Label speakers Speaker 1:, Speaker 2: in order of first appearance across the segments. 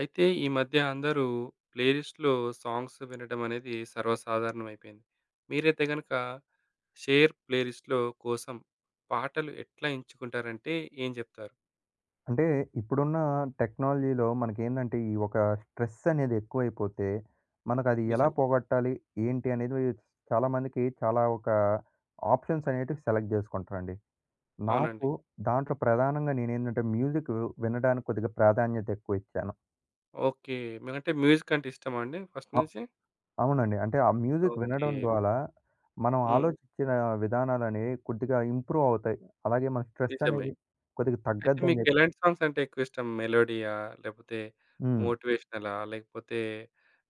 Speaker 1: అయితే ఈ మధ్య అందరూ ప్లేలిస్ట్‌లో సాంగ్స్ వినడమనేది సర్వసాధారణం అయిపేంది. మీరయితే గనక, షేర్ ప్లేలిస్ట్‌లో కోసం, పాటలు ఎట్లా ఎంచుకుంటారంటే ఏం జెప్తారు?
Speaker 2: అంటే ఇప్పుడున్న టెక్నాలజీలో మనకేందంటే, ఈ ఒక స్ట్రెసనేది ఎక్కువైపోతే, మనకది ఎలా
Speaker 1: నిజం.
Speaker 2: పోగొట్టాలి? ఏంటి అనేది చాలామందికి చాలా, ఒక ఆప్షన్సనేటివి సెలెక్ట్ జేసుకుంటారంండి. నాకు
Speaker 1: అవునండి.
Speaker 2: దాంట్లో ప్రధానంగా నేనేందంటే, మ్యూజిక్కు వినడానికి కొద్దిగా ప్రాధాన్యత ఎక్కువిచ్చాను.
Speaker 1: ఓకే. మీరంటే మ్యూజికంటే ఇష్టమాండి? ఫస్ట్
Speaker 2: ఆ!
Speaker 1: నుంచి.
Speaker 2: అవునండి. అంటే ఆ మ్యూజిక్
Speaker 1: ఓకే.
Speaker 2: వినడం ద్వారా, మనం
Speaker 1: హ్మ్.
Speaker 2: ఆలోచించిన విధానాలనేవి కొద్దిగా ఇంప్రూవవుతాయి. అలాగే మన
Speaker 1: నిజమే.
Speaker 2: స్ట్రెసనేది కొద్దిగా
Speaker 1: అయితే
Speaker 2: తగ్గద్దని జెప్పి
Speaker 1: మీకేలాంటి సాంగ్సంటే ఎక్కువిష్టం? మెలోడియా లేపోతే
Speaker 2: హ్మ్.
Speaker 1: మోటివేషనలా లేకపోతే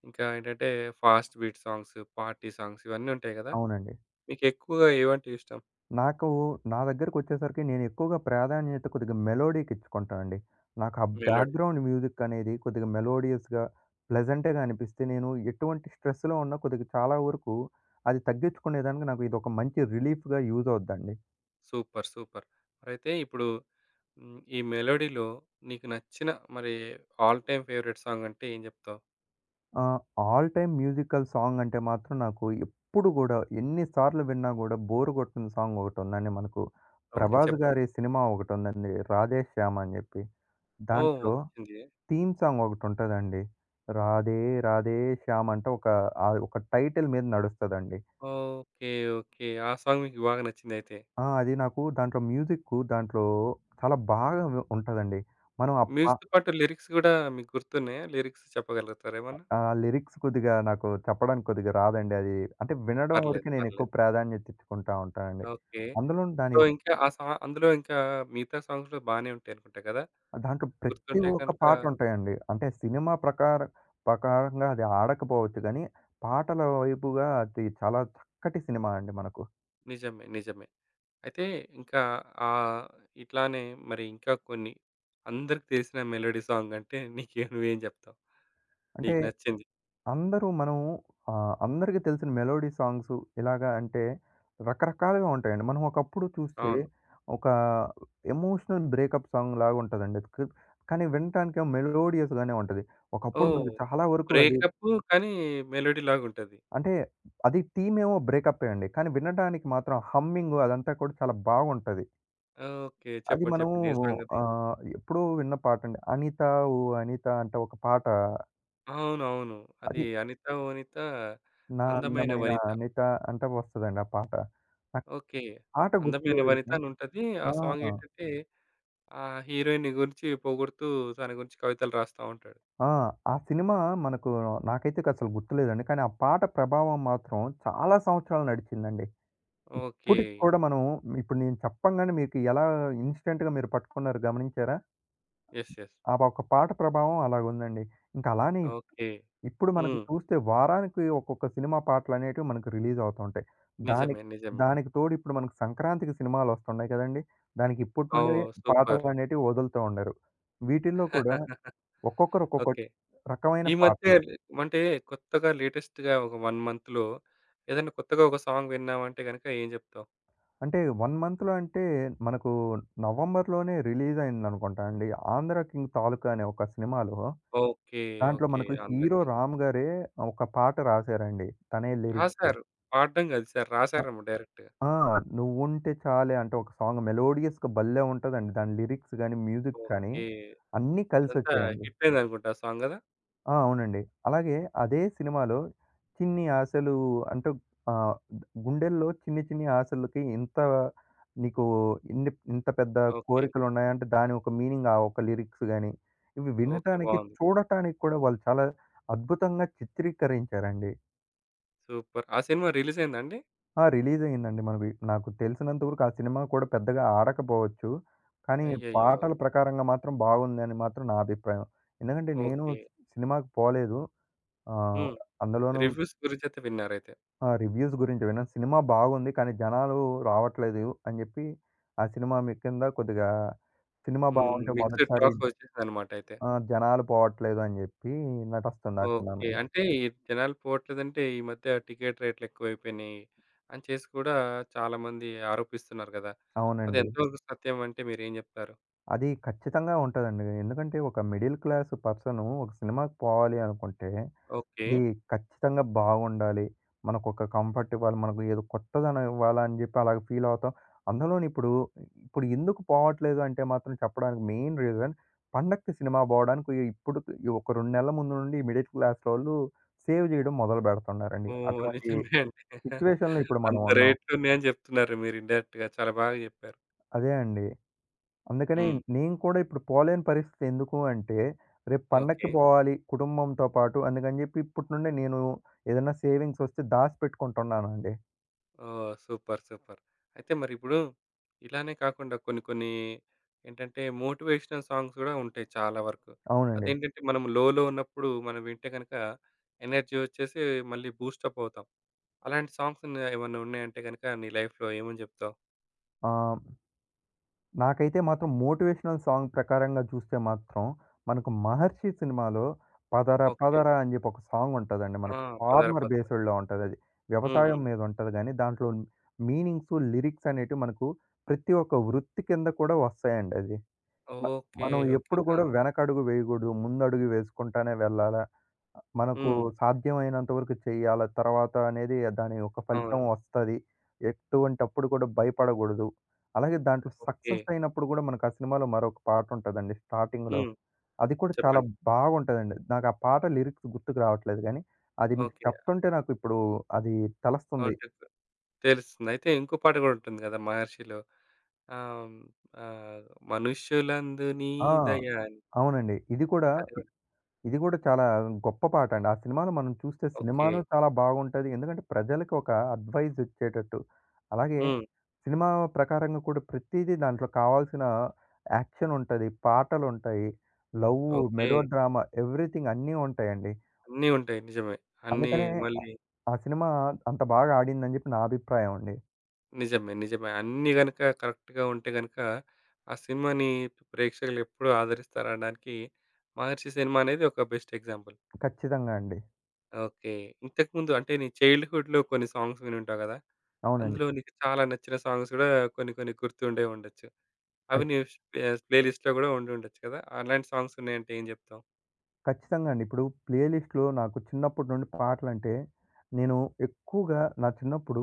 Speaker 1: ఇంకా ఏంటంటే ఫాస్ట్‌బీట్ సాంగ్స్, పార్టీ సాంగ్స్ ఇవన్ని ఉంటాయి గదా!
Speaker 2: అవునండి.
Speaker 1: మీకు ఎక్కువగా ఏవంటే ఇష్టం?
Speaker 2: నాకు, నా దగ్గరకొచ్చేసరికి నేనేక్కువగా ప్రాధాన్యత కొద్దిగా మెలోడీకిచ్చుకుంటానండి. నాకు ఆ
Speaker 1: మేలోడి.
Speaker 2: బ్యాక్‌గ్రౌండ్ మ్యూజికనేది కొద్దిగా మెలోడియస్‌గా, ప్లెజెంటేగానిపిస్తే, నేను ఎటువంటి స్ట్రెస్‌లో ఉన్నా, కొద్దిగా చాలా వరకు అది తగ్గించుకునేదానికి నాకు ఇదొక మంచి రిలీఫ్‌గా యూజవుద్దండి.
Speaker 1: Super super. మరయితే ఇప్పుడు, హ్మ్. ఈ మెలోడీలో నీకు నచ్చిన, మరి ఆల్ టైమ్ ఫేవరెట్ సాంగంటే ఏం చెప్తావు?
Speaker 2: ఆ! ఆల్ టైమ్ మ్యూజికల్ సాంగంటే మాత్రం, నాకు ఎప్పుడు గూడా, ఎన్ని సార్లు విన్నా గూడా, బోర్ గొట్టని సాంగోకటి ఉందండి. మనకు
Speaker 1: ఓకే.
Speaker 2: 'ప్రభాస్'
Speaker 1: చెప్పండి.
Speaker 2: గారి సినిమా ఒకటుందండి. 'రాధే శ్యామ్' అని జెప్పి.
Speaker 1: ఓహ్!
Speaker 2: దాంట్లో
Speaker 1: [unintelligible]
Speaker 2: తీమ్ సాంగోకటి ఉంటదండి. రాధే రాధే శ్యామంట ఒక ఆ ఒక టైటిల్ మీద నడుస్తదండి.
Speaker 1: ఓకే. ఓకే. ఆ! సాంగ్ మీకు, బాగా నచ్చిందయితే.
Speaker 2: ఆ! అది నాకు దాంట్లో మ్యూజిక్కు, దాంట్లో చాలా బాగా వి ఉంటదండి. మనం అప్ప
Speaker 1: మ్యూజిక్‌తో పాటు, లిరిక్స్ గూడా, మీకు గుర్తున్నాయా? లిరిక్స్ చెప్పగలుగుతార ఏమన్నా?
Speaker 2: ఆ! లిరిక్స్ కొద్దిగా, నాకు చెప్పడానికి కొద్దిగా రాదండి. అది అంటే, వినడం
Speaker 1: పర్లేదు.
Speaker 2: వరకే
Speaker 1: పర్లేదు.
Speaker 2: నేనేక్కువ ప్రాధాన్యత ఇచ్చుకుంటా ఉంటానండి.
Speaker 1: ఓకే.
Speaker 2: అందులోను దాని
Speaker 1: సో,
Speaker 2: యొక్క
Speaker 1: ఇంకా ఆ! సా అందులో ఇంకా, మిగతా సాంగ్స్‌ గూడా బానే ఉంటాయినుకుంటా గదా!
Speaker 2: దాంట్లో ప్రతి
Speaker 1: గుర్తుంటే
Speaker 2: ఒక్క
Speaker 1: కనక
Speaker 2: పాటుంటాయండి. అంటే సినిమా ప్రకారం ప్రకారంగా అది ఆడకపోవచ్చు గాని, పాటల వైపుగా అది చాలా చక్కటి సినిమాండి మనకు.
Speaker 1: నిజమే. నిజమే. అయితే ఇంకా ఆహ్, ఇట్లానే మరి ఇంకా కొన్ని, అందరికి తెలిసిన మెలోడీ సాంగంటే నీకేం నువ్వేం జేప్తావు?
Speaker 2: అంటే
Speaker 1: నీకు నచ్చింది.
Speaker 2: అందరూ మనం ఆహ్, అందరికి తెలిసిన మెలోడీ సాంగ్స్ ఇలాగా అంటే, రకరకాలుగా ఉంటాయండి. మనం ఒకప్పుడు చూస్తే
Speaker 1: అవును.
Speaker 2: ఒక ఎమోషనల్ బ్రేకప్ సాంగులాగా ఉంటదండి. క్ కాని, వింటానికెమో మెలోడియస్‌గానే ఉంటది. ఒకప్పుడు
Speaker 1: ఓహ్!
Speaker 2: మనకి చాలా వరకు అది
Speaker 1: బ్రేకప్పు కాని, మెలోడీ లాగూంటది.
Speaker 2: అంటే అది, తిమేమో బ్రేకప్పే అండి. కాని, వినడానికి మాత్రం హమ్మింగు అదంతా కూడా, చాలా బాగుంటది.
Speaker 1: ఓకే.
Speaker 2: అది
Speaker 1: చెప్పండి.
Speaker 2: మనము
Speaker 1: చెప్పండి. ఏ సాంగాది?
Speaker 2: ఆహ్, ఎప్పుడూ విన్న పాటండి. 'అనిత ఓ అనిత' అంటే ఒక పాట
Speaker 1: అవునవును. అది
Speaker 2: అది
Speaker 1: 'అనిత ఓ అనిత
Speaker 2: 'నా
Speaker 1: అందమైన
Speaker 2: అందమైన
Speaker 1: వనిత.'
Speaker 2: అనిత' అంటే వస్తదండి ఆ పాట. ఆ
Speaker 1: ఓకే.
Speaker 2: పాట
Speaker 1: అందమైన
Speaker 2: గుర్తులేదండి.
Speaker 1: వనితానుంటది. ఆ
Speaker 2: ఆ!
Speaker 1: సాంగేంటంటే ఆహ్, హీరోయిన్ని గురించి పోగొడుతూ తన గురించి కవితలు రాస్తా ఉంటాడు.
Speaker 2: ఆ! ఆ సినిమా మనకు నాకైతేసలు గుర్తులేదండి. కానీ ఆ పాట ప్రభావం మాత్రం చాలా సంవత్సరాలు నడిచిందండి. ఇప్పుటికి
Speaker 1: ఓకే.
Speaker 2: కూడా మనం ఇప్పుడు నేను చెప్పంగానే మీకు ఎలా ఇన్స్టెంట్‌గా మీరు పట్టుకున్నారు గమనించారా?
Speaker 1: యెస్. యెస్.
Speaker 2: ఆ! ఒక పాట ప్రభావం అలాగుందండి. ఇంక అలానే
Speaker 1: ఓకే.
Speaker 2: ఇప్పుడు మనకు
Speaker 1: హ్మ్.
Speaker 2: చూస్తే వారానికి ఒక్కొక్క సినిమా పాటలనేటివి మనకు రిలీజ్ అవుతా ఉంటాయి. దాని
Speaker 1: నిజమే. నిజమే.
Speaker 2: దానికి తోడు ఇప్పుడు మనకు సంక్రాంతికి సినిమాలోస్తున్నాయి కదండీ! దానికి ఇప్పటి నుండే
Speaker 1: ఓహ్! సూపర్.
Speaker 2: పాటలనేటివి వదులుతూ ఉండారు. వీటిల్లో కూడా ఒక్కొక్కరు ఒక్కొక్క
Speaker 1: ఓకే.
Speaker 2: రకమైన
Speaker 1: ఈ మధ్య‌
Speaker 2: పాటలు.
Speaker 1: ఏమంటే కొత్తగా లేటెస్ట్‌గా ఒక 1 మంత్‌లో ఏదైనా కొత్తగా ఒక సాంగ్ విన్నాావంటే గనుక ఏం జెప్తావు?
Speaker 2: అంటే 1 మంత్‌లో అంటే మనకు నవంబర్‌లోనే రిలీజయిందనుకుంటా అండి. 'ఆంధ్రకిింగ్ తాలూకా' అనే ఒక సినిమాలో
Speaker 1: ఓకే.
Speaker 2: దాంట్లో
Speaker 1: ఓకే.
Speaker 2: మనకు హీరో
Speaker 1: 'ఆంధ్రకింగ్.'
Speaker 2: 'రామ్' గారే ఒక పాట రాశారండి. తనే లిరిక్స్.
Speaker 1: రాసారు. పాడ్డం గాదు, ఈసారి
Speaker 2: ఆ
Speaker 1: రాసారేమో డైరెక్ట్‌గా.
Speaker 2: ఆ! 'నువ్వుంటే చాలే' అంటే ఒక సాంగ్ మెలోడియస్‌గా భల్లే! ఉంటదండి. దాని లిరిక్స్ గాని, మ్యూజిక్ కానీ
Speaker 1: ఓకే.
Speaker 2: అన్నీ
Speaker 1: అదంతా
Speaker 2: కలిసొచ్చాయండి.
Speaker 1: హిటయిందనుకుంటా ఆ సాంగ్ గదా!
Speaker 2: ఆ! అవునండి. అలాగే అదే సినిమాలో చిన్ని‌ ఆశలు అంటే ఆహ్, గు గుండెల్లో చిన్ని చిన్ని ఆశలకి ఎంత నీకు ఇన్ని ఇంత పెద్ద
Speaker 1: ఓకే.
Speaker 2: కోరికలు ఉన్నాయాంటే, దాని ఒక మీనింగ్ ఆ ఒక్క లిరిక్స్‌ గాని, ఇవి
Speaker 1: ఓకే.
Speaker 2: వినటానికి,
Speaker 1: బావుంది.
Speaker 2: చూడటానికి కూడా వాళ్ళు చాలా అద్భుతంగా చిత్రీకరించారండి.
Speaker 1: సూపర్! ఆ సినిమా రిలీజ్ అయిందాండి?
Speaker 2: ఆ! రిలీజ్ అయిందండి. మనవి నాకు తెలిసినంత వరకు ఆ సినిమా కూడా పెద్దగా ఆడకపోవచ్చు. కానీ,
Speaker 1: అయ్యయ్యో!
Speaker 2: పాటల ప్రకారంగా మాత్రం బాగుందని మాత్రం నా అభిప్రాయం. ఎందుకంటే నేను
Speaker 1: ఓకే.
Speaker 2: సినిమాకి పోలేదు. ఆహ్,
Speaker 1: హ్మ్.
Speaker 2: అందులోనూ
Speaker 1: రివ్యూస్ గురించియితే విన్నారైతే.
Speaker 2: ఆ రివ్యూస్ గురించి విన్న సినిమా బాగుంది. కానీ, జనాలు రావట్లేదు అని జెప్పి ఆ సినిమా మీకిింద కొద్దిగా సినిమా
Speaker 1: హ్మ్.
Speaker 2: బావుంటె మొదటిసారి
Speaker 1: మిక్స్‌డ్‌టాక్స్ వచ్చేసిందనమాట అయితే.
Speaker 2: ఆహ్, జనాలు పోవట్లేదని జెప్పి, నటస్తంది ఆ సినిమా
Speaker 1: ఓకే.
Speaker 2: మీద.
Speaker 1: అంటే ఈ జనాలు పోట్లేదంటే, ఈ మధ్య టికెట్ రేట్లు ఎక్కువైపోయినాయి. అని చేసి కూడా చాలామంది ఆరోపిస్తున్నారు గదా! అది
Speaker 2: అవునండి.
Speaker 1: ఎంతవరకు సత్యం అంటే మీరేం జెప్తారు?
Speaker 2: అది ఖచ్చితంగా ఉంటదండి. ఎందుకంటే ఒక మిడిల్ క్లాస్ పర్సను ఒక సినిమాకి పోవాలి అనుకుంటే,
Speaker 1: ఓకే.
Speaker 2: అది ఖచ్చితంగా బాగుండాలి. మనకొక కంఫర్ట్ ఇవ్వాలి. మనకు ఏదో కొత్తదనం ఇవ్వాలని జెప్పి అలాగా ఫీల్ అవుతాం. అందులోని ఇప్పుడు, ఇప్పుడు ఎందుకు పోవట్లేదు అంటే మాత్రం చెప్పడానికి మెయిన్ రీజన్ పండకి సినిమా బోవడానికి ఇ ఇప్పుడు ఒక 2 నెలల ముందు నుండి మిడిల్ క్లాసోళ్ళు సేవ్ జేయడం మొదలుబెడుతున్నారండి.
Speaker 1: ఓహ్!
Speaker 2: అటువంటి
Speaker 1: నిజమే అండి.
Speaker 2: సిచ్యువేషన్‌లో ఇప్పుడు మనం
Speaker 1: అంత
Speaker 2: ఉన్నాం.
Speaker 1: రేట్లు ఉన్నాయని జెప్తున్నారు. మీరు ఇన్‌డై‌రెక్ట్‌గా చాలా బాగా జెప్పారు.
Speaker 2: అదే అండి. అందుకనే
Speaker 1: హ్మ్.
Speaker 2: నేను కూడా ఇప్పుడు పోలేని పరస్థితి ఎందుకు అంటే, రేపు పండక్కి
Speaker 1: ఓకే.
Speaker 2: బోవాలి, కుటుంబంతో పాటు అందుకని జెప్పి, ఇప్పటినుండే నేను ఏదైనా సేవింగ్స్ ఒస్తే దాసిపెట్టుకుంటున్నానండి.
Speaker 1: ఓహ్! సూపర్. సూపర్. అయితే మరిప్పుడు, ఇలానే కాకుండా కొన్ని, కొన్ని ఏంటంటే మోటివేషనల్ సాంగ్స్ గూడా ఉంటాయి చాలా వరకు.
Speaker 2: అవునండి.
Speaker 1: అదేంటంటే, మనం లోలో ఉన్నప్పుడు. మనం వింటే గనుక, ఎనర్జీ వచ్చేసి, మళ్ళీ బూస్టపవుతాం. అలాంటి సాంగ్సున్నాయా? ఏమన్నా ఉన్నాయంటే గనుక నీ లైఫ్‌లో ఏమని జేప్తావు?
Speaker 2: ఆ! నాకైతే మాత్రం మోటివేషనల్ సాంగ్ ప్రకారంగా చూస్తే మాత్రం, మనకు 'మహర్షి' సినిమాలో 'పదర
Speaker 1: ఓకే.
Speaker 2: పదర' అని జేప్పి ఒక సాంగుంటదండి.
Speaker 1: ఆ!
Speaker 2: మనకు
Speaker 1: పదరా
Speaker 2: ఫార్మర్
Speaker 1: పదరా.
Speaker 2: బేస్‌డ్‌లో ఉంటది. అది
Speaker 1: హ్మ్.
Speaker 2: వ్యవసాయం
Speaker 1: హ్మ్.
Speaker 2: మీద ఉంటది గాని, దాంట్లో మీనింగ్స్ లిరిక్సనేటివి, మనకు ప్రతి ఒక్క వృత్తి కింద కూడా వస్తాయండి అది. మ
Speaker 1: ఓకే.
Speaker 2: మనం
Speaker 1: ఓకే.
Speaker 2: ఎప్పుడు కూడా
Speaker 1: ఆ!
Speaker 2: వెనకడుగు వేయగూడదు, ముందడుగే వేసుకుంటానే వెళ్ళాలా? ఆహ్, మనకు
Speaker 1: హ్మ్.
Speaker 2: సాధ్యమైనంత వరకు చేయాల, తర్వాత అనేది దానియొక్క ఫలితం
Speaker 1: అవును.
Speaker 2: వస్తది. ఎటువంటప్పుడు కూడా భయపడకూడదు. అలాగే దాంట్లో
Speaker 1: ఓకే.
Speaker 2: సక్సెసయినప్పుడు గూడా, మనకా సినిమాలో మరొక పాట ఉంటదండి స్టార్టింగ్‌లో.
Speaker 1: హ్మ్.
Speaker 2: అది కూడా చాలా
Speaker 1: చెప్పండి.
Speaker 2: బావుంటదండి. నాకా పాట లిరిక్స్ గుర్తుకు రావట్లేదు గాని, అది మీకు
Speaker 1: ఓకే.
Speaker 2: చెప్తుంటే నాకిప్పుడు అది తెలస్తుంది.
Speaker 1: ఆంటెక్సు తెలుస్తుంది. అయితే ఇంకో పాట గూడా ఉంటుంది కదా! 'మహర్షిలో'. అవు ఆహ్,
Speaker 2: ఆ!
Speaker 1: మనుషులందునీదయాన్
Speaker 2: అవునండి. ఇది కూడా,
Speaker 1: అదిరో.
Speaker 2: ఇద్ ఇది కూడా, చాలా గొప్ప పాటండి. ఆ సినిమాలో మనం చూస్తే,
Speaker 1: ఓకే.
Speaker 2: సినిమాను చాలా బాగుంటది. ఎందుకంటే ప్రజలకొక అడ్వైజిచ్చేటట్టు. అలాగే,
Speaker 1: హ్మ్.
Speaker 2: సినిమా ప్రకారంగా కూడా ,ప్రతీది దాంట్లో కావాల్సిన యాక్షనుంటది. పాటలుంటాయి. Love, melo
Speaker 1: okay.
Speaker 2: డ్రామా ఎవ్రీథింగన్నీ ఉంటాయండి.
Speaker 1: అన్ని ఉంటాయి. నిజమే. అన్నీ
Speaker 2: అందుకనే
Speaker 1: మళ్ళీ
Speaker 2: ఆ సినిమా, అంత బాగాడిందని జేప్పి నా అభిప్రాయం అండి.
Speaker 1: నిజమే. నిజమే. అన్నీ గనుక కరెక్ట్‌గా ఉంటే గనుక, ఆ సినిమాని ప్రేక్షకులు ఎప్పుడు ఆదరిస్తారనడానికి 'మహర్షి' సినిమా అనేది ఒక బెస్ట్ ఎగ్జాంపుల్.
Speaker 2: ఖచ్చితంగా అండి.
Speaker 1: ఓకే. ఇంతకుముందు అంటే నీ చైల్డ్‌హుడ్‌లో కొన్ని సాంగ్స్ వినుంటావు కదా!
Speaker 2: అవునండి.
Speaker 1: అందులో నీకు చాలా నచ్చిన సాంగ్స్ గూడా కొన్ని కొన్ని గుర్తుండే ఉండొచ్చు. అవి నీ స్ప ప్లే‌లిస్ట్‌లో గూడా ఉండి ఉండొచ్చు కదా! అలాంటి సాంగ్స్ ఉన్నాయంటే ఏం చెప్తావు?
Speaker 2: ఖచ్చితంగా అండి. ఇప్పుడు ప్లే‌లిస్ట్‌లో నాకు చిన్నప్పటి నుండి పాటలంటే నేను ఎక్కువగా నా చిన్నప్పుడు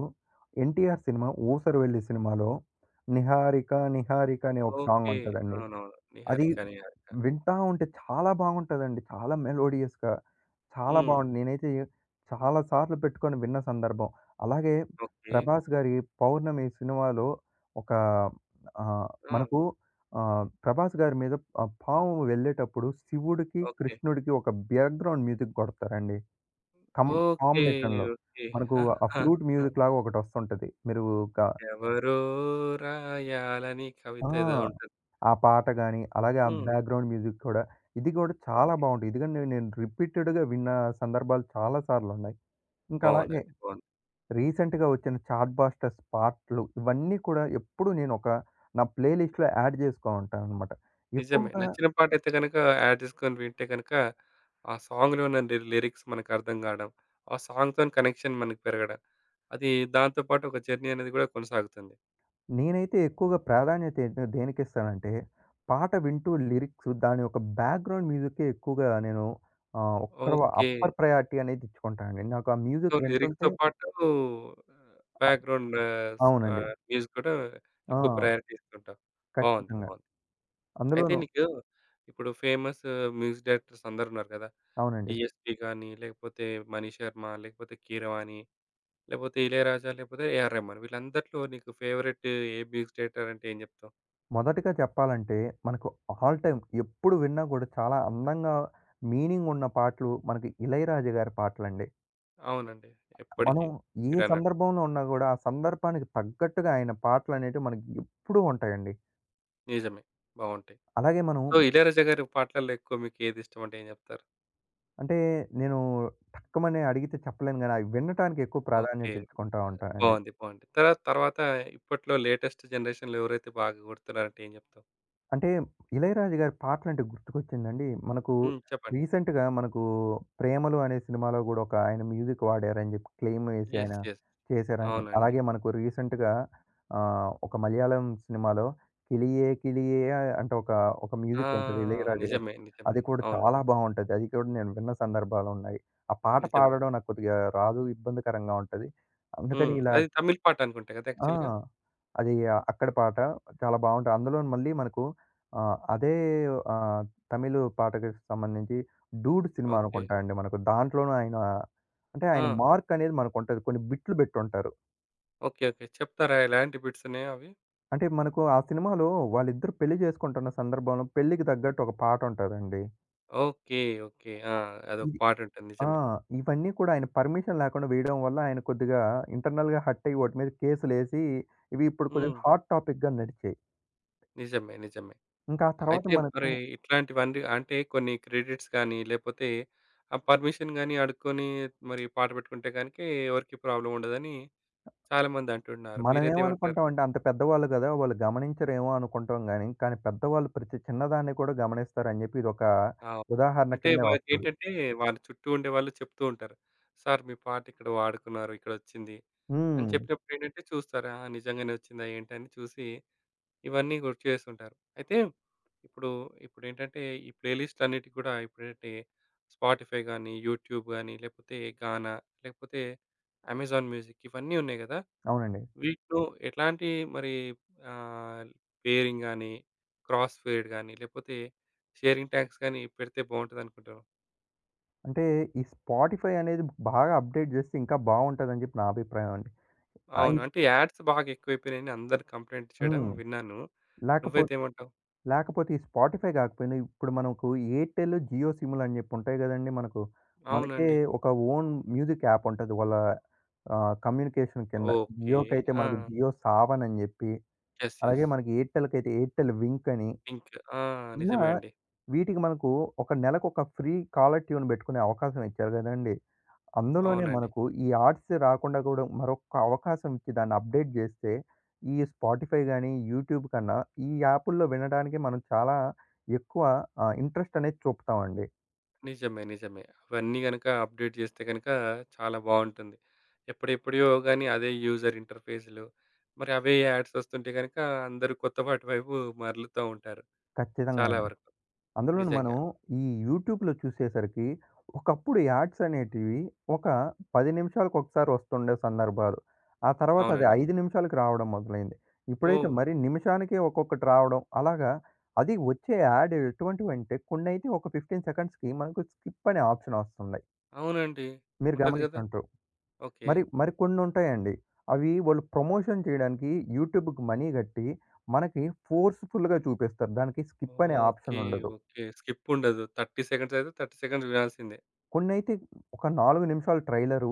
Speaker 2: 'ఎన్‌టి‌ర్' సినిమా 'ఊసర‌విల్లి' సినిమాలో 'నిహారిక నిహారిక' అనే ఒక సాంగ్
Speaker 1: ఓకే.
Speaker 2: ఉంటదండి.
Speaker 1: అవునవును.
Speaker 2: అది
Speaker 1: 'నిహారిక నిహారిక.'
Speaker 2: వింటా ఉంటే చాలా బాగుంటదండి. చాలా మెలోడియస్‌గా చాలా
Speaker 1: హ్మ్.
Speaker 2: బాగుంది. నేనైతే చాలా సార్లు పెట్టుకొని విన్న సందర్భం, అలాగే
Speaker 1: ఓకే.
Speaker 2: 'ప్రభాస్' గారి 'పౌర్ణమి' సినిమాలో ఒక ఆహ్,
Speaker 1: ఆ!
Speaker 2: మనకు ఆహ్, 'ప్రభాస్' గారి మీద ఆ పాము వెళ్ళేటప్పుడు శివుడికి,
Speaker 1: ఓకే.
Speaker 2: కృష్ణుడికి ఒక బ్యాక్‌గ్రౌండ్ మ్యూజిక్ కొడతారండి. కం
Speaker 1: ఓకే.
Speaker 2: కాంబినేషన్‌లో
Speaker 1: ఓకే.
Speaker 2: మనకు ఆ ప్లూట్ మ్యూజిక్‌లాగా ఒకటొస్తుంటది. మీరు గ
Speaker 1: ఎవరో రాయాలని
Speaker 2: ఆ!
Speaker 1: కవిత ఏదో ఉంటది.
Speaker 2: ఆ పాట గాని, అలాగే ఆ
Speaker 1: హ్మ్.
Speaker 2: బ్యాక్‌గ్రౌండ్ మ్యూజిక్ కూడా, ఇది కూడా చాలా
Speaker 1: ఓకే.
Speaker 2: బాగుంటాయి. ఎదుకంటే నేను రిపీటేట్‌గా విన్న సందర్భాలు చాలా సార్లున్నాయి. ఇంకా అలాగే
Speaker 1: బావుందండి. బావుంది.
Speaker 2: రీసెంట్‌గా వచ్చిన చాట్ బాస్టర్స్ పాట‌లు ఇవన్నీ కూడా ఎప్పుడూ నేను ఒక నా ప్లే‌లిస్ట్‌లో యాడ్ చేసుకో ఉంటాననమాట.
Speaker 1: నిజమే.
Speaker 2: ఎక్కువగా
Speaker 1: నచ్చిన పాటైతే గనుక యాడ్ జేసుకొని వింటే గనుక, ఆ సాంగ్‌లో ఉన్న నిరి లిరిక్స్ మనకు అర్థం కాడం. ఆ సాంగ్‌‌తోని కనెక్షన్ మనకి పెరగడం. అది దాంతో పాటు ఒక జర్నీ అనేది కూడా కొనసాగుతుంది.
Speaker 2: నేనైతే ఎక్కువగా ప్రాధాన్యత ఏంటంటే దేనికిస్తానంటే పాట వింటూ లిరిక్సు దాని యొక్క బ్యాక్‌గ్రౌండ్ మ్యూజికే ఎక్కువగా నేను ఆహ్, ఒక్కరు
Speaker 1: ఓకే.
Speaker 2: Upper priority అనేదిచ్చుకుంటానండి. నాకా
Speaker 1: సో
Speaker 2: మ్యూజిక్ వింటుంటే
Speaker 1: లిరిక్స్‌తో పాటూ ఆహ్, బ్యాక్‌గ్రౌండు స్
Speaker 2: అవునండి.
Speaker 1: ఆహ్, మ్యూజిక్‌ కూడా ఎక్కువ
Speaker 2: ఆ!
Speaker 1: ప్రయారిటీ ఇస్తుంటావు. బావుంది.
Speaker 2: ఖచ్చితంగా.
Speaker 1: బావుంది. అయితే
Speaker 2: అందులోను
Speaker 1: నీకు ఇప్పుడు ఫేమసు మ్యూజిక్ డైరెక్టర్స్ అందరున్నారు గదా!
Speaker 2: అవునండి.
Speaker 1: 'డీఎస్‌పీ' గానీ లేకపోతే 'మణిశర్మ' లేకపోతే 'కీరవాణి' లేకపోతే 'ఇళయరాజ' లేకపోతే 'ఏఆర్ రెహ్మాన్' వీళ్ళందటిలో నీకు ఫేవరెటు ఏ మ్యూజిక్ డైరెక్టర్ అంటే ఏం జెప్తావు?
Speaker 2: మొదటిగా జెప్పాలంటే మనకు ఆల్ టైమ్ ఎప్పుడు విన్నా గూడా చాలా అందంగా మీనింగున్న పాటలు మనకి 'ఇళయరాజ' గారి పాటలండి.
Speaker 1: అవునండి.
Speaker 2: మనం
Speaker 1: ఎప్పటికి.
Speaker 2: ఏ
Speaker 1: మీరన్నట్టు.
Speaker 2: సందర్భంలో ఉన్నా గూడా ఆ సందర్భానికి తగ్గట్టుగా అయన పాటలనేటివి మనకు ఎప్పుడూ ఉంటాయండి.
Speaker 1: నిజమే. బావుంటాయి.
Speaker 2: అలాగే మనం
Speaker 1: సో 'ఇళయరాజ' గారి పాటల్లో ఎక్కువ మీకేదిష్టం అంటే ఏం జెప్తారు?
Speaker 2: అంటే నేను టక్కుమని అడిగితే చెప్పలేనుగానీ అవి వినటానికి ఎక్కువ ప్రాధాన్యత
Speaker 1: ఓకే.
Speaker 2: ఇచ్చుకుంటా
Speaker 1: ఆ!
Speaker 2: ఉంటానండి.
Speaker 1: బావుంది. బావుంది. తర్వా తర్వాత ఇప్పట్లో లేటెస్టు జనరేషన్‌లో ఎవరైతే బాగా గొడుతున్నారంటే ఏం జెప్తావు?
Speaker 2: అంటే 'ఇళయరాజు' గారి పాటలు అంటే గుర్తుకొచ్చిందండి. మనకు
Speaker 1: హ్మ్. చెప్పండి.
Speaker 2: రీసెంట్‌గా మనకు 'ప్రేమలు' అనే సినిమాలో గుడా ఒక ఆయన మ్యూజిక్ వాడారని చెప్పి
Speaker 1: యస్.
Speaker 2: క్లెయమెసాయినా
Speaker 1: యస్.
Speaker 2: చేశారని.
Speaker 1: అవునండి.
Speaker 2: అలాగే మనకు రీసెంట్‌గా ఆహ్, ఒక మలయాళం సినిమాలో 'కిలియే కిలియే' ఆహ్, అంటే ఒక, ఒక
Speaker 1: ఆ!
Speaker 2: మ్యూజికుంటది. 'ఇళయ‌రాజు' గా‌రిది
Speaker 1: నిజమే. నిజమే.
Speaker 2: అది కూడా
Speaker 1: అవును.
Speaker 2: చాలా బావుంటది. అది కూడా నేను విన్న సందర్భాలున్నాయి. ఆ పాట
Speaker 1: నిజమే.
Speaker 2: పాడడం నాకు కొద్దిగా రాదు. ఇబ్బందికరంగా ఉంటది. అందుకని
Speaker 1: హ్మ్.
Speaker 2: ఇలా
Speaker 1: అది తమిళ్ పాటనుకుంటా ‌గ‌దా!
Speaker 2: ఆ!
Speaker 1: యాక్ఛువల్‌గా.
Speaker 2: అది అక్కడి పాట. చాలా బావుoటాయి. అందులోను మళ్ళీ మనకు ఆహ్, అదే ఆహ్, తమిళు పాటకి సంబంధించి 'డూడ్' సినిమా
Speaker 1: ఓకే.
Speaker 2: అనుకుంటా అండి మనకు. దాంట్లోనూ ఆయన అంటే ఆయన
Speaker 1: ఆ!
Speaker 2: మార్క్ అనేది మనకు ఉంటది. కొన్ని బిట్లు బెట్టుంటారు.
Speaker 1: ఓకే. ఓకే. చెప్తారా? ఎలాంటి బి‌ట్సున్నాయో అవి.
Speaker 2: అంటే మనకు ఆ సినిమాలో వాళ్ళిద్దరు పెళ్లి చేసుకుంటున్న సందర్భంలో పెళ్ళికి తగ్గట్టు ఒక పాట ఉంటదండి.
Speaker 1: ఓకే. ఓకే. ఆ! అదొక
Speaker 2: ఇది
Speaker 1: పాటుంటుంది.
Speaker 2: ఆ!
Speaker 1: నిజమే.
Speaker 2: ఇవన్నీ కూడా ఆయన పర్మిషన్ లేకుండా వేయడం వల్ల ఆయన కొద్దిగా ఇంటర్నల్‌గా హర్ట్ అయ్యి వాటి మీద కేసులేసి ఇవి ఇప్పుడు కొద్దిగా
Speaker 1: హ్మ్.
Speaker 2: హాట్ టాపిక్‌గా నడిచాయి.
Speaker 1: నిజమే. నిజమే.
Speaker 2: ఇంకా ఆ తర్వాత
Speaker 1: అయితే
Speaker 2: మనకు
Speaker 1: మరి ఇట్లాంటివన్నీ అంటే కొన్ని క్రెడిట్స్ కానీ లేపోతే ఆ పర్మిషన్ గాని అడుక్కొని మరి పాట పెట్టుకుంటే గానికి ఎవరికీ ప్రాబ్లమ్ ఉండదని చాలామంది అంటున్నారు.
Speaker 2: మనం
Speaker 1: మీరైతేమంటారు?
Speaker 2: ఎమనుకుంటామంటే అంత పెద్దవాళ్ళు గ‌దా! వాళ్ళు గమనించరేమో అనుకుంటాం గానీ, కానీ పెద్దవాళ్ళు ప్రతి చిన్నదాన్ని కూడా గమనిస్తారని చెప్పి ఇదొక
Speaker 1: ఆ‌!
Speaker 2: ఉదాహరణ
Speaker 1: అంటే
Speaker 2: కిందే వస్తది.
Speaker 1: వారికేంటంటే వాళ్ళ చుట్టూ ఉండేవాాళ్ళు చెప్తూ ఉంటారు. సార్ మీ పాట ఇక్కడ వాడుకున్నారు. ఇక్కడొచ్చింది. అని
Speaker 2: హ్మ్.
Speaker 1: చెప్పినప్పుడు ఏంటంటే చూస్తారు. ఆహ్, నిజంగానే వచ్చిందా? ఏంట అని చూసి ఇవన్నీ గుర్తు చేస్తుంటారు. అయితే ఇప్పుడు ఇప్పుడేంటంటే ఈ ప్లే లిస్ట్‌లన్నిటి ‌గుడా ఇప్పుడంటే స్పాటిఫైగాని యూట్యూబ్ గాని లేపోతే గానా లేకపోతే అమెజాన్ మ్యూజిక్ ఇవన్నీ ఉన్నాయి‌ గ‌దా!
Speaker 2: అవునండి.
Speaker 1: వీటిలో ఎట్లాంటి మరి ఆహ్, పేరింగ్‌గాని క్రాస్ ఫేర్డ్ గాని లేకపోతే షేరింగ్‌టాక్స్‌గాని పెడితే బావుంటది అనుకుంటారు.
Speaker 2: అంటే ఈ స్పాటిఫై అనేది బాగా అప్‌డేట్ చేస్తే ఇంకా బావుంటదని చెప్పి నా అభిప్రాయమండి. ఆ!
Speaker 1: అవును.
Speaker 2: ఈ
Speaker 1: అంటే యాడ్స్ బాగా ఎక్కువైపోయినాయిని అందరి కంప్లెయింట్ చేయడం
Speaker 2: హ్మ్.
Speaker 1: విన్నాను.
Speaker 2: లేకపోతే
Speaker 1: నువ్వైతేమంటావు?
Speaker 2: లేకపోతే ఈ స్పాటిఫై గాకపోయిన ఇప్పుడు మనకు ఎయిర్టెల్, జియో సిములని చెప్పి ఉంటాయి కదండీ మనకు. మనకే
Speaker 1: అవునండి.
Speaker 2: ఒక ఓన్ మ్యూజిక్ యాప్ ఉంటది. వాళ్ళ ఆహ్, కమ్యూనికేషన్ కింద.
Speaker 1: ఓకే.
Speaker 2: జియో‌కైతే మనకు
Speaker 1: ఆ!
Speaker 2: జియో సావన్ చెప్పి.
Speaker 1: యెస్. యెస్.
Speaker 2: అలాగే మనకి ఎయిర్టెల్‌కైతే ఎయిర్టెల్ వింకని.
Speaker 1: పింక్ ఆ!
Speaker 2: ఇలా
Speaker 1: నిజమే అండి.
Speaker 2: వీటికి మనకు ఒక నెలకొక ఫ్రీ కాలర్‌టూన్ పెట్టుకునే అవకాశం ఇచ్చారు కదండీ! అందులోనే
Speaker 1: అవునండి.
Speaker 2: మనకు ఈ ఆర్ట్స్ రాకుండా గూడా మరొక్క అవకాశం ఇచ్చి దాన్ని అప్‌డేట్ జేస్తే ఈ స్పాటిఫై గానీ, యూట్యూబ్ కన్నా ఈ యాపులో వినడానికి మనం చాలా ఎక్కువ ఆహ్, ఇంట్రెస్ట్ అనేది చూపుతామండి.
Speaker 1: నిజమే. నిజమే. అవన్నీ గనుక అప్‌డేట్ చేస్తే గనుక, చాలా బావుంటుంది. ఎప్పుడు ఎప్పుడియో‌గాని అదే యూజర్ ఇంటర్‌పేజ్‌లు మరి అవే యాడ్స్ వస్తుంటే గనుక అందరూ కొత్తవాటు వైపు మరలుతా ఉంటారు.
Speaker 2: ఖచ్చితంగా
Speaker 1: చాలా
Speaker 2: అండి.
Speaker 1: వరకు.
Speaker 2: అందులోన మనం
Speaker 1: నిజంగా.
Speaker 2: ఈ యూట్యూబ్‌లో చూసేసరికి ఒకప్పుడు యాడ్స్ అనేటివి ఒక 10 నిమిషాలకు ఒకసారి వస్తుండే సందర్భాలు. ఆ! తర్వాత అది
Speaker 1: అవునండి.
Speaker 2: 5 నిమిషాలకు రావడం మొదలైంది. ఇప్పుడైతే
Speaker 1: ఓహ్!
Speaker 2: మరి నిమిషానికే ఒక్కొక్కటి రావడం, అలాగా అది వచ్చే యాడ్ ఎటువంటివంటే కొన్నైతే ఒక 15 సెకండ్స్‌కి మనకు స్కిప్ అనే ఆప్షన్ వస్తున్నాయి.
Speaker 1: అవునండి.
Speaker 2: మీరు
Speaker 1: ఉంటది కదా!
Speaker 2: గమనిచంట్టు.
Speaker 1: ఓకే.
Speaker 2: మరి మరి కొన్ని ఉంటాయండి. అవి వాళ్ళు ప్రమోషన్ చేయడానికి యూట్యూబ్‌కి మనీ కట్టి, మనకి ఫోర్స్ ఫుల్‌గా చూపిస్తారు. దానికి స్కిప్ అనే
Speaker 1: ఓకే.
Speaker 2: ఆప్షనుండదు.
Speaker 1: ఓకే. స్కిప్పుండదు. 30 సెకండ్స్ అయితే, 30 సెకండ్స్ చూడాల్సిందే.
Speaker 2: కొన్నైతే ఒక 4 నిమిషాలు ట్రైలరు,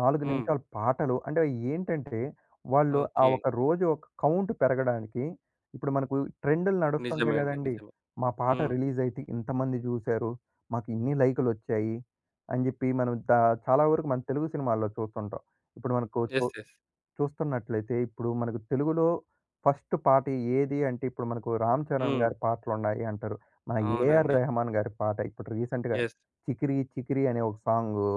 Speaker 2: 4
Speaker 1: హ్మ్.
Speaker 2: నిమిషాల పాటలు అంటేవి ఏంటంటే, వాళ్ళు ఆ
Speaker 1: ఓకే.
Speaker 2: ఒక రోజు ఒక కౌంట్ పెరగడానికి, ఇప్పుడు మనకు ట్రెండులు
Speaker 1: నిజమే
Speaker 2: నడుస్తుంటాయి
Speaker 1: అండి.
Speaker 2: కదండీ!
Speaker 1: నిజమే.
Speaker 2: మా పాట
Speaker 1: హ్మ్.
Speaker 2: రిలీజయితే ఇంతమంది చూసారు. మాకిన్ని లైకులోచ్చాయి. అని జెప్పి మనం దా చాలా వరకు మన తెలుగు సినిమాల్లో చూస్తుంటాం. ఇప్పుడు మనకు చూ
Speaker 1: యెస్. యెస్.
Speaker 2: చూస్తున్నట్లయితే, ఇప్పుడు మనకు తెలుగులో ఫస్ట్ పాట ఏది అంటే, ఇప్పుడు మనకు 'రామ్ చరణ్'
Speaker 1: హ్మ్.
Speaker 2: గారి పాటలున్నాయి అంటారు. మన 'ఏఆర్
Speaker 1: అవునండి.
Speaker 2: రెహమాన్' గారి పాట ఇప్పుడు రీసెంట్‌గా.
Speaker 1: యెస్.
Speaker 2: 'చికిరి చికిరి' అనే ఒక సాంగు.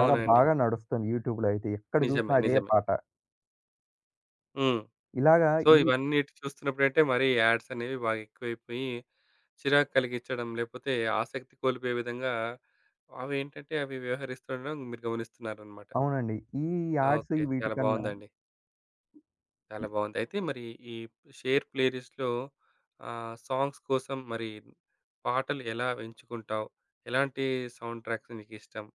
Speaker 2: చాలా బాగా నడుస్తుంది యూట్యూబ్‌లో అయితే. ఎక్కడ
Speaker 1: నిజమే,
Speaker 2: చూసినా అదే
Speaker 1: నిజమే.
Speaker 2: పాట.
Speaker 1: హ్మ్.
Speaker 2: ఇలాగా
Speaker 1: సో,
Speaker 2: ఈ
Speaker 1: ఇవన్నీ ఇటు చూస్తున్నప్పుడంటే మరీ యాడ్స్ అనేవి బాగా ఎక్కువైపోయి. చిరాకు కలిగిచ్చడం, లేపోతే ఆసక్తి కోల్పోయే విధంగా, అవేంటంటే అవి వ్యవహరిస్తుండడం మీరు గమనిస్తున్నారనమాట.
Speaker 2: అవునండి. ఈ యాడ్స్ ఈ
Speaker 1: ఓకే. చాలా
Speaker 2: వీటికన్నా
Speaker 1: బావుందండి. చాలా బావుంది. అయితే మరి ఈ షేర్ ప్లేరిస్ట్‌‌లో, ఆహ్, సాంగ్స్ కోసం మరి పాటలు ఎలా ఎంచుకుంటావు, ఎలాంటి సౌండ్ ట్రాక్స్ర్ మీకిష్టం.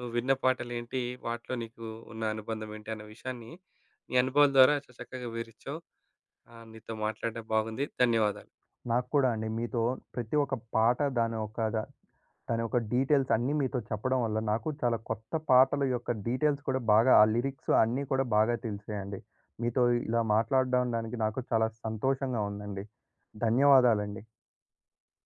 Speaker 1: నువ్విన్న పాటలు ఏంటి, వాటిలో నీకు ఉన్న అనుబంధం ఏంటి, అన్న విషయాన్ని, నీ అనుభవాల ద్వారా చా చక్కగా వివరించావు. ఆహ్, నీతో మాట్లాడడం బాగుంది. ధన్యవాదాలు.
Speaker 2: నాకు కూడా అండి. మీతో ప్రతి ఒక్క పాట, దాని ఒక ద దాని యొక్క డీటెయిల్స్ అన్నీ మీతో చెప్పడం వల్ల నాకు చాలా కొత్త పాఠల యొక్క డీటెయిల్స్ కూడా బాగా ఆ లిరిక్సు అన్నీ కూడా బాగా తెలిసాయండి. మీతో ఇలా మాట్లాడడండానికి నాకు చాలా సంతోషంగా ఉందండి. ధన్యవాదాలండి.